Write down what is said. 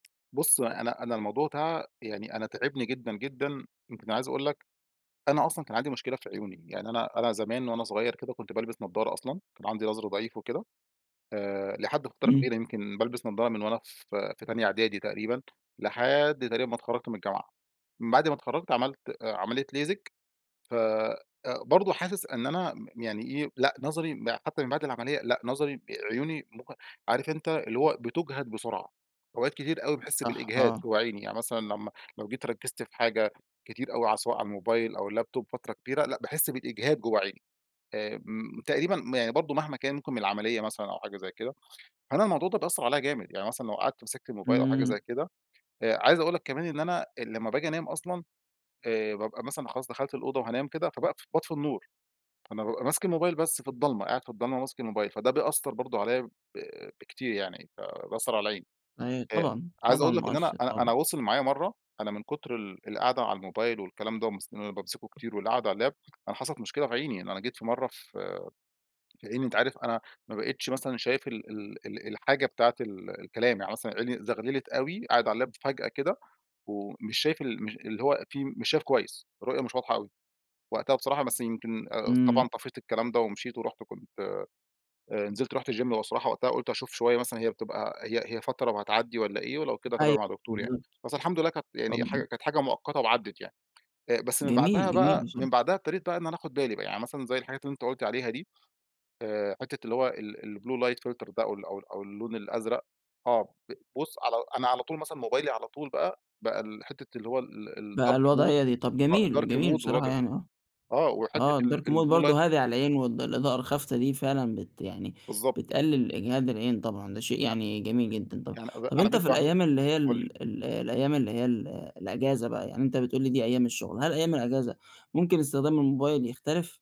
بُصّ، أنا أنا الموضوع ده يعني أنا تاعبني جدًا، جدًا، يمكن أنا عايز أقول لك، أنا أصلًا كان عندي مشكلة في عيوني، يعني أنا أنا زمان وأنا صغيّر كده كنت بالبس نضارة أصلًا، كان عندي نظري ضعيف وكده، آآ، لحد فترة امم. كبيرة يمكن بالبس نضارة من وأنا ف في تانية إعدادي تقريبًا، لحد تقريبًا ما اتخرجت من الجامعة. من بعد ما اتخرجت عملت، آآ، عملية Lasik، فبرضو حاسس أن أنا م يعني إيه، لأ نظري ب حتى من بعد العملية، لأ نظري عيوني مج عارف أنت اللي هو بتُجهَد بسرعة. أوقات كتير أوي باحس صح، بالإجهاد آه. جوا عيني، يعني مثلًا لمّا لو جيت ركّزت في حاجة كتير أوي ع سواء على الموبايل أو الlaptop فترة كبيرة، لأ باحس بالإجهاد جوه عيني. آآ، م تقريبًا م يعني برضو مهما كان ممكن من العملية مثلًا أو حاجة زي كده، فأنا الموضوع ده بيأثر عليَّ جامد، يعني مثلًا لو قعدت مسكت الموبايل أو حاجة زي امم. كده، آآ، عايز أقول لك كمان إن أنا لمّا باجي أنام أصلًا، آآ، بابقى مثلًا خلاص دخلت الأوضة وهنام كده، فباقف باطفي النور، فأنا بابقى ماسك الموبايل بس في الضلمة، قاعد في الضلمة وماسك الموبايل، فده بيأثر برضو عليَّ ب بكتير يعني، فبيأثر على العين. أيوه، آآ، طبعًا، عايز طبعًا أقول لك إن أنا مؤثر أنا قوي. أنا وصل معايا مَرّة، أنا من كتر ال القعدة على الموبايل والكلام ده، ومس إن أنا بامسكه كتير والقعدة على الlap، أنا حصلت مشكلة في عيني. أنا جيت في مَرّة ف في عيني أنت عارف أنا ما بقيتش مثلًا شايف ال ال ال الحاجة بتاعة ال الكلام، يعني مثلًا عيني زغللت أوي، قاعد على الlap فجأة كده، ومش شايف ال مش اللي هو في مش شايف كويس. الرؤية مش واضحة أوي. وقتها بصراحة بس يمكن آآ، طبعًا امم. طفيت الكلام ده ومشيت ورُحت كنت، آآ، نزلت رُحت الgym الصراحة وقتها قُلت أشوف شوية مثلًا هي بتبقى هي هي فترة وهتعدي والّا إيه، ولو كده أتابع أيوه، مع دكتور يعني. بالضبط. بس الحمد لله كانت يعني حاجة [unintelligible] كانت حاجة مؤقتة وعدِت يعني. آآ، بس من جميل، بعدها جميل بقى، بصراحة. من بعدها ابتديت بقى إن أنا آخد بالي بقى، يعني مثلًا زي الحاجات اللي أنت قُلت عليها دي، آآ، حتة اللي هو ال الblue light filter ده أو ال أو ال أو اللون الأزرق. آه، ب بُصّ على أنا على طول مثلًا موبايلي على طول بقى، بقى الحتة اللي هو ال بقى الdark mode الوضعية دي، طب آه جميل، dark جميل mode بصراحة وضع يعني آه. آه، وحتة آه ال الDark Mode الblue برضو light هادي على العين، والض الإضاءة الخافتة دي فعلًا بت يعني بالضبط. بتقلل إجهاد العين طبعًا، ده شيء أ يعني جميل جدًا طبعًا، يعني أب طب أنا أنت بقيت في باعمل الأيام اللي هي قُل لي. ال ال الأيام اللي هي ال الأجازة بقى، يعني أنت بتقول لي دي أيام الشغل، هل أيام الأجازة ممكن استخدام الموبايل يختلف؟